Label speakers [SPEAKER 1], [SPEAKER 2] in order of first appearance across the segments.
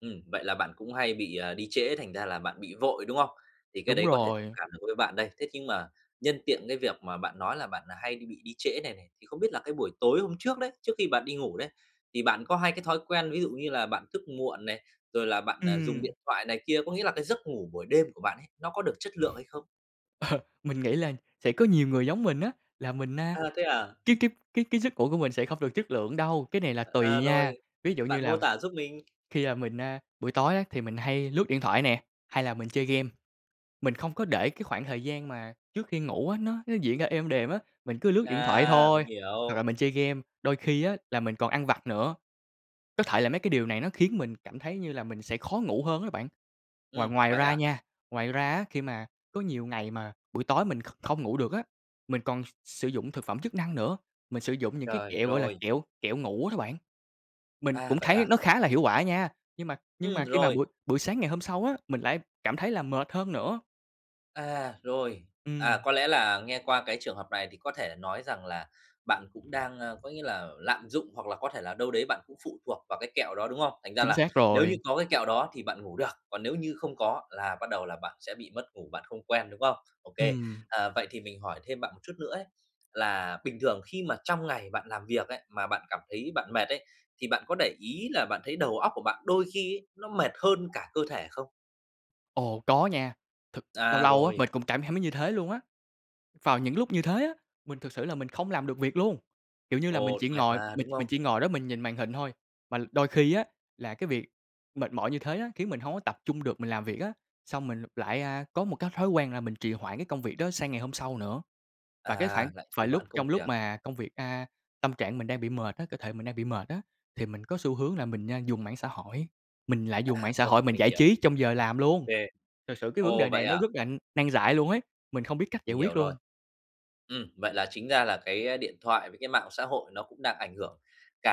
[SPEAKER 1] Ừm, vậy là bạn cũng hay bị, ờ, đi trễ thành ra là bạn bị vội, đúng không? Thì cái
[SPEAKER 2] Đúng
[SPEAKER 1] đấy có thể thông
[SPEAKER 2] rồi.
[SPEAKER 1] cảm được với bạn đây, thế nhưng mà nhân tiện cái việc mà bạn nói là bạn, ờ, hay bị đi trễ này này, thì không biết là cái buổi tối hôm trước đấy, trước khi bạn đi ngủ đấy, thì bạn có hay cái thói quen ví dụ như là bạn thức muộn này, rồi là bạn, ờ, dùng
[SPEAKER 2] Ừm.
[SPEAKER 1] điện thoại này kia, có nghĩa là cái giấc ngủ buổi đêm của bạn ấy, nó có được chất lượng hay không?
[SPEAKER 2] Mình nghĩ là sẽ có nhiều người giống mình á, là mình, a,
[SPEAKER 1] À, thế à.
[SPEAKER 2] [unintelligible] cái cái giấc ngủ của mình sẽ không được chất lượng đâu, cái này là tùy
[SPEAKER 1] À,
[SPEAKER 2] nha,
[SPEAKER 1] rồi,
[SPEAKER 2] ví dụ như
[SPEAKER 1] bạn mô
[SPEAKER 2] là
[SPEAKER 1] tả giúp mình.
[SPEAKER 2] khi, à, mình, a, buổi tối á thì mình hay lướt điện thoại nè, hay là mình chơi game. Mình không có để cái khoảng thời gian mà trước khi ngủ á nó nó diễn ra êm đềm á, mình cứ lướt điện thoại
[SPEAKER 1] À, mình
[SPEAKER 2] thôi, hoặc là
[SPEAKER 1] hiểu.
[SPEAKER 2] mình chơi game, đôi khi á là mình còn ăn vặt nữa. Có thể là mấy cái điều này nó khiến mình cảm thấy như là mình sẽ khó ngủ hơn á bạn. Ngoài
[SPEAKER 1] Ừm,
[SPEAKER 2] ngoài
[SPEAKER 1] vậy
[SPEAKER 2] ra
[SPEAKER 1] à?
[SPEAKER 2] nha ngoài ra á, khi mà có nhiều ngày mà buổi tối mình kh không ngủ được á, mình còn s sử dụng thực phẩm chức năng nữa, mình sử dụng những cái
[SPEAKER 1] Trời,
[SPEAKER 2] kẹo, gọi là,
[SPEAKER 1] rồi.
[SPEAKER 2] kẹo kẹo ngủ á bạn. Mình
[SPEAKER 1] À,
[SPEAKER 2] cũng
[SPEAKER 1] vậy
[SPEAKER 2] thấy
[SPEAKER 1] à.
[SPEAKER 2] nó khá là hiệu quả nha, nhưng mà nhưng
[SPEAKER 1] Ừm,
[SPEAKER 2] mà khi mà
[SPEAKER 1] rồi.
[SPEAKER 2] buổi buổi sáng ngày hôm sau á, mình lại cảm thấy là mệt hơn nữa.
[SPEAKER 1] À, rồi, à,
[SPEAKER 2] Ừm.
[SPEAKER 1] có lẽ là nghe qua cái trường hợp này thì có thể nói rằng là bạn cũng đang, ơ, có nghĩa là lạm dụng hoặc là có thể là đâu đấy bạn cũng phụ thuộc vào cái kẹo đó, đúng không? Thành ra
[SPEAKER 2] Chính
[SPEAKER 1] là
[SPEAKER 2] xác
[SPEAKER 1] nếu như
[SPEAKER 2] rồi.
[SPEAKER 1] có cái kẹo đó thì bạn ngủ được, còn nếu như không có là bắt đầu là bạn sẽ bị mất ngủ, bạn không quen, đúng không? Ô kê,
[SPEAKER 2] Ừm.
[SPEAKER 1] ờ, vậy thì mình hỏi thêm bạn một chút nữa ấy, là bình thường khi mà trong ngày bạn làm việc ấy, mà bạn cảm thấy bạn mệt ấy, thì bạn có để ý là bạn thấy đầu óc của bạn đôi khi ấy nó mệt hơn cả cơ thể không?
[SPEAKER 2] Ồ, có nha, thực lâu
[SPEAKER 1] À,
[SPEAKER 2] lâu á
[SPEAKER 1] rồi.
[SPEAKER 2] mình cũng cảm thấy mấy như thế luôn á. Vào những lúc như thế á, mình thực sự là mình không làm được việc luôn, kiểu như là, mình
[SPEAKER 1] Ồ,
[SPEAKER 2] chỉ
[SPEAKER 1] mệt
[SPEAKER 2] ngồi
[SPEAKER 1] mà,
[SPEAKER 2] mình
[SPEAKER 1] đúng không?
[SPEAKER 2] mình chỉ ngồi đó mình nhìn màn hình thôi, mà đôi khi á là cái việc mệt mỏi như thế á khiến mình hông có tập trung được mình làm việc á, xong mình lại, a, có một cái thói quen là mình trì hoãn cái công việc đó sang ngày hôm sau nữa. Và cái
[SPEAKER 1] À,
[SPEAKER 2] khoảng
[SPEAKER 1] lại
[SPEAKER 2] và
[SPEAKER 1] trì
[SPEAKER 2] lúc
[SPEAKER 1] hoãn công
[SPEAKER 2] trong lúc
[SPEAKER 1] việc.
[SPEAKER 2] mà công việc, a tâm trạng mình đang bị mệt á, cơ thể mình đang bị mệt á, thì mình có xu hướng là mình, a, dùng mạng xã hội, mình lại dùng
[SPEAKER 1] À,
[SPEAKER 2] mạng xã
[SPEAKER 1] ồ,
[SPEAKER 2] hội mình
[SPEAKER 1] mình
[SPEAKER 2] giải
[SPEAKER 1] hiểu.
[SPEAKER 2] trí trong giờ làm
[SPEAKER 1] Ô
[SPEAKER 2] luôn.
[SPEAKER 1] kê.
[SPEAKER 2] Thực sự cái vấn
[SPEAKER 1] Ồ,
[SPEAKER 2] đề
[SPEAKER 1] vậy
[SPEAKER 2] này nó
[SPEAKER 1] à.
[SPEAKER 2] rất là nan giải luôn ấy, mình không biết cách giải
[SPEAKER 1] Mình hiểu
[SPEAKER 2] quyết
[SPEAKER 1] rồi.
[SPEAKER 2] luôn.
[SPEAKER 1] Ừm, vậy là chính ra là cái, ơ, điện thoại với cái mạng xã hội nó cũng đang ảnh hưởng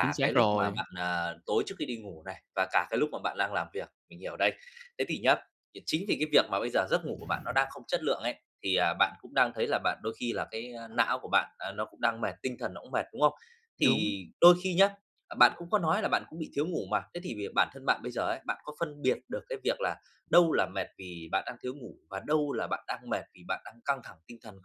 [SPEAKER 2] Chính
[SPEAKER 1] cái
[SPEAKER 2] xác
[SPEAKER 1] lúc mà
[SPEAKER 2] rồi.
[SPEAKER 1] bạn à, tối trước khi đi ngủ này, và cả cái lúc mà bạn lang làm việc, mình hiểu đây. Thế thì nhé, vì chính vì cái việc mà bây giờ giấc ngủ của bạn nó đang không chất lượng ấy, thì, ờ, bạn cũng đang thấy là bạn đôi khi là cái, ơ, não của bạn, à, nó cũng đang mệt, tinh thần nó cũng mệt, đúng không?
[SPEAKER 2] Đúng.
[SPEAKER 1] Thì đôi khi nhá, à, bạn cũng có nói là bạn cũng bị thiếu ngủ mà, thế thì việc bản thân bạn bây giờ ấy, bạn có phân biệt được cái việc là đâu là mệt vì bạn đang thiếu ngủ và đâu là bạn đang mệt vì bạn đang căng thẳng tinh thần không?